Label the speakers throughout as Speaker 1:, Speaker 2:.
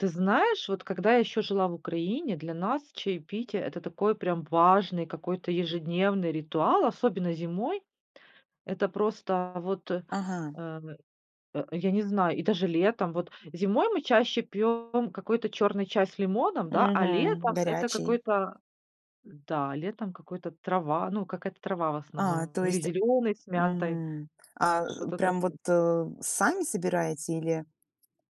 Speaker 1: Ты знаешь, вот когда я ещё жила в Украине, для нас чаепитие это такой прям важный какой-то ежедневный ритуал, особенно зимой. Это просто вот, э,
Speaker 2: Ага.
Speaker 1: а я не знаю, и даже летом. Вот зимой мы чаще пьём какой-то чёрный чай с лимоном, да, а
Speaker 2: Мгм.
Speaker 1: летом это
Speaker 2: Горячий.
Speaker 1: какой-то Да, летом какой-то трава ну какая-то трава в
Speaker 2: А,
Speaker 1: основном
Speaker 2: то
Speaker 1: или
Speaker 2: есть
Speaker 1: зелёный с мятой.
Speaker 2: Мгм. А, э,
Speaker 1: Что-то тако
Speaker 2: прям вот, э, сами собираете или,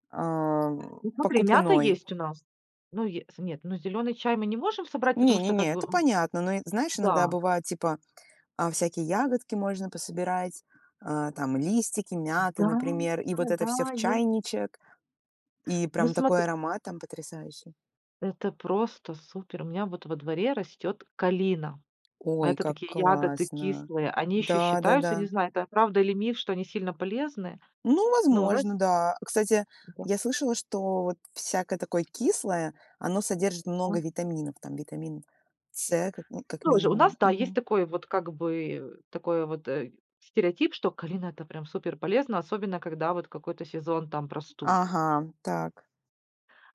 Speaker 2: ам,
Speaker 1: Ну, смотри, мята
Speaker 2: покупной?
Speaker 1: есть у нас. Ну е с нет, ну зелёный чай мы не можем собрать,
Speaker 2: Не
Speaker 1: потому
Speaker 2: не
Speaker 1: что как
Speaker 2: не,
Speaker 1: бы,
Speaker 2: это
Speaker 1: м
Speaker 2: понятно. Но, э, знаешь, иногда
Speaker 1: Да.
Speaker 2: бывает типа, а, всякие ягодки можно пособирать, а, там листики мяты,
Speaker 1: Да,
Speaker 2: например, и вот это
Speaker 1: да,
Speaker 2: всё в
Speaker 1: есть.
Speaker 2: чайничек. И
Speaker 1: Ну,
Speaker 2: прям такой
Speaker 1: смотри
Speaker 2: аромат там потрясающий.
Speaker 1: Это просто супер. У меня вот во дворе растёт калина.
Speaker 2: Ой,
Speaker 1: Это
Speaker 2: как
Speaker 1: такие ягоды
Speaker 2: классно.
Speaker 1: кислые. Они ещё считаются, не
Speaker 2: Да-да-да.
Speaker 1: знаю, это правда или миф, что они сильно полезны.
Speaker 2: Ну
Speaker 1: Ну, у нас
Speaker 2: возможно, да. Кстати,
Speaker 1: Да.
Speaker 2: я слышала, что вот всякое такое кислое, оно содержит
Speaker 1: А.
Speaker 2: много витаминов, там витамин С как ми как
Speaker 1: Тоже. У нас,
Speaker 2: минимум,
Speaker 1: да, есть
Speaker 2: мгм.
Speaker 1: такой вот, как бы, э, такой вот, э, стереотип, что калина это прям супер полезно, особенно когда вот какой-то сезон там простуд.
Speaker 2: Ага, так.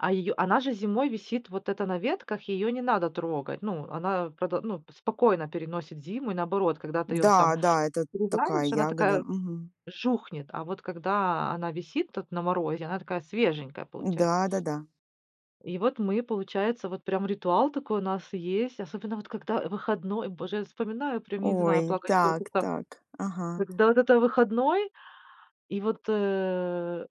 Speaker 1: А её она же зимой висит вот это на ветках, её не надо трогать. Ну, она продо ну, спокойно переносит зиму и наоборот, когда ты её
Speaker 2: Да,
Speaker 1: там
Speaker 2: да, это такая
Speaker 1: срезаешь, она
Speaker 2: ягода.
Speaker 1: такая,
Speaker 2: Мгм.
Speaker 1: жухнет. А вот когда она висит тут на морозе, она такая свеженькая получается.
Speaker 2: Н-да, да, да.
Speaker 1: И вот мы получается, вот прям ритуал такой у нас есть, особенно вот когда, э, выходной. Боже, я вспоминаю прям я не
Speaker 2: Ой,
Speaker 1: знаю, плакать
Speaker 2: так
Speaker 1: хочется.
Speaker 2: так, ага.
Speaker 1: Когда вот это выходной, и вот, э,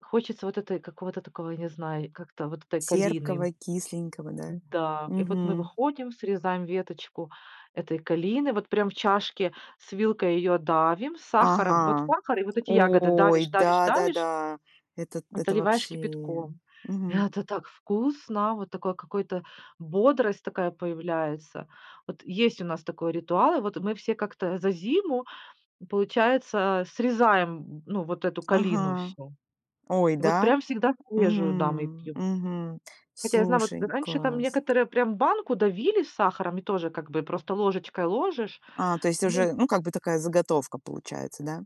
Speaker 1: хочется вот, этой какого-то такого, я не знаю, как-то вот этой калины
Speaker 2: Терпкого, кисленького, да.
Speaker 1: Да. И вот мы
Speaker 2: Мгм.
Speaker 1: выходим, срезаем веточку этой калины, вот прям в чашке с вилкой её давим сахаром. Вот
Speaker 2: Ага.
Speaker 1: сахар и вот эти ягоды
Speaker 2: Ой,
Speaker 1: давишь, давишь, давишь
Speaker 2: да-да-да. Это это
Speaker 1: заливаешь
Speaker 2: вообще,
Speaker 1: кипятком.
Speaker 2: мгм.
Speaker 1: Это так вкусно, вот такой какой-то бодрость такая появляется. Вот есть у нас такой ритуал, вот мы все как-то за зиму получается срезаем, ну, вот эту калину
Speaker 2: Ага.
Speaker 1: всю.
Speaker 2: Ой,
Speaker 1: Вот
Speaker 2: да?
Speaker 1: прям всегда свежую, да, мы
Speaker 2: Мгм
Speaker 1: пьём.
Speaker 2: мгм.
Speaker 1: Хотя я знаю, вот,
Speaker 2: Слушай,
Speaker 1: раньше там
Speaker 2: класс.
Speaker 1: некоторые прям банку давили с сахаром и тоже как бы просто ложечкой ложишь,
Speaker 2: А, то есть уже,
Speaker 1: ну.
Speaker 2: ну как бы такая заготовка получается, да?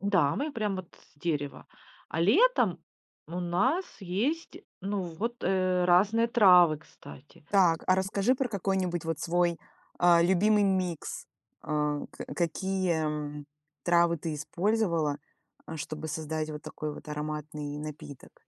Speaker 1: Да, мы прям, вот с дерева, а летом у нас есть, ну вот, э, разные травы кстати.
Speaker 2: Так, а расскажи про какой-нибудь вот свой, а, любимый микс. А, ка какие, м, травы ты использовала, э, чтобы создать вот такой вот ароматный напиток?